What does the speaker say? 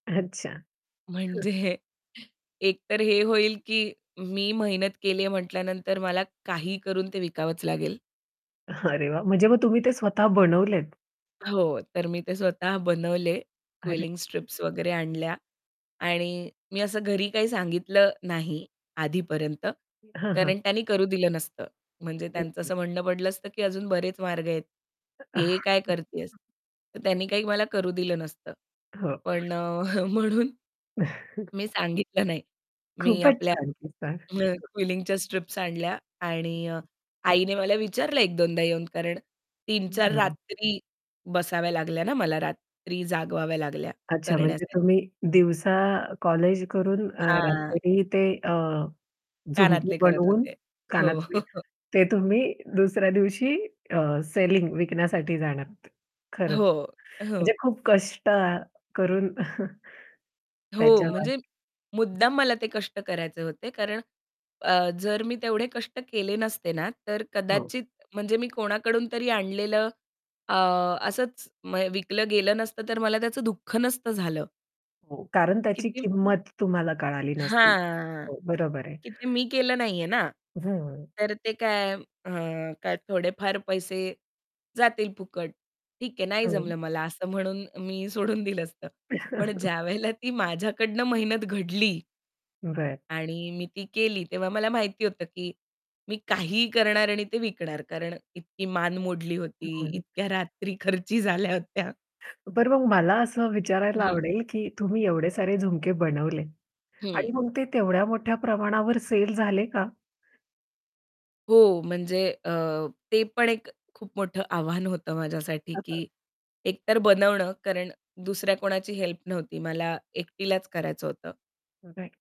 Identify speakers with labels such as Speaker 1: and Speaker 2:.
Speaker 1: अच्छा.
Speaker 2: म्हणजे एकतर हे होईल, की मी मेहनत केली आहे म्हटल्यानंतर मला काही करून ते विकावंच लागेल.
Speaker 1: अरे, वाह! म्हणजे मग तुम्ही ते स्वतः बनवलेत.
Speaker 2: हो, तर मी ते स्वतः बनवले
Speaker 1: अरे
Speaker 2: क्विलिंग स्ट्रिप्स वगैरे आणल्या आणि मी असं घरी काही सांगितलं नाही आधीपर्यंत.
Speaker 1: हां, हां.
Speaker 2: कारण त्यांनी करू दिलं नसतं. म्हणजे
Speaker 1: हं,
Speaker 2: त्यांचं
Speaker 1: हं.
Speaker 2: असं म्हणणं पडलं असतं, की "अजून बरेच मार्ग आहेत, हे काय करतीयेस." तर
Speaker 1: [unintelligible]
Speaker 2: त्यांनी काही मला करू दिलं नसतं.
Speaker 1: हो.
Speaker 2: पण अ, म्हणून मी सांगितलं नाही. मी
Speaker 1: खूपच
Speaker 2: आपल्या
Speaker 1: छान कीस्सा. हं.
Speaker 2: अ, क्विलिंगच्या स्ट्रिप्स आणल्या आणि आईने मला विचारलं, एक-दोनदा येऊन. कारण 3-4
Speaker 1: हं.
Speaker 2: रात्री बसाव्या लागल्या ना मला, रात्री जागवाव्या लागल्या
Speaker 1: अच्छा. म्हणजे
Speaker 2: करण्यासाठी.
Speaker 1: तुम्ही दिवसा अ, कॉलेज करून अ,
Speaker 2: हां.
Speaker 1: रात्री ते अ, झुमकी
Speaker 2: कानातले करत
Speaker 1: बनवून
Speaker 2: होते. हो.
Speaker 1: कानातले ते तुम्ही दुसऱ्या दिवशी अ, सेलिंग विकण्यासाठी जाणार होते, खरंच
Speaker 2: हो.
Speaker 1: म्हणजे
Speaker 2: हो.
Speaker 1: खूप कष्ट करून
Speaker 2: हो,
Speaker 1: त्याच्यावर
Speaker 2: म्हणजे
Speaker 1: [unintelligible]
Speaker 2: मुद्दाम मला ते कष्ट करायचे होते. कारण अ, जर मी तेवढे कष्ट केले नसते ना, तर
Speaker 1: हो.
Speaker 2: कदाचित म्हणजे मी कोणाकडून तरी आणलेलं अ, असंच म विकलं गेलं नसतं, तर मला त्याचं दुःख नसतं झालं.
Speaker 1: हो, कारण त्याची
Speaker 2: किती
Speaker 1: किंमत तुम्हाला कळाली नसती.
Speaker 2: हां,
Speaker 1: हो, बरोबर आहे.
Speaker 2: की ते मी केलं नाही आहे ना.
Speaker 1: हं.
Speaker 2: तर ते काय अ, काय थोडेफार पैसे जातील फुकट. ठीक आहे, नाही
Speaker 1: हं.
Speaker 2: जमलं मला असं म्हणून मी सोडून दिलं असतं. पण ज्यावेळेला ती माझ्याकडून मेहनत घडली
Speaker 1: बरं.
Speaker 2: आणि मी ती केली, तेव्हा मला माहिती होतं, की मी काहीही करणार आणि ते विकणार. कारण इतकी मान मोडली होती,
Speaker 1: हं.
Speaker 2: इतक्या रात्री खर्ची झाल्या होत्या.
Speaker 1: बरं, मग मला असं विचारायला
Speaker 2: हं.
Speaker 1: आवडेल, की तुम्ही एवढे सेल झुमके बनवले. आणि
Speaker 2: हं.
Speaker 1: मग ते तेवढ्या मोठ्या प्रमाणावर सेल झाले का?
Speaker 2: हो, म्हणजे अ, ते पण एक खूप मोठं आव्हान होतं माझ्यासाठी, की एकतर बनवणं कारण दुसऱ्या कोणाची हेल्प नव्हती मला एकटीलाच करायचं होतं.
Speaker 1: राइट.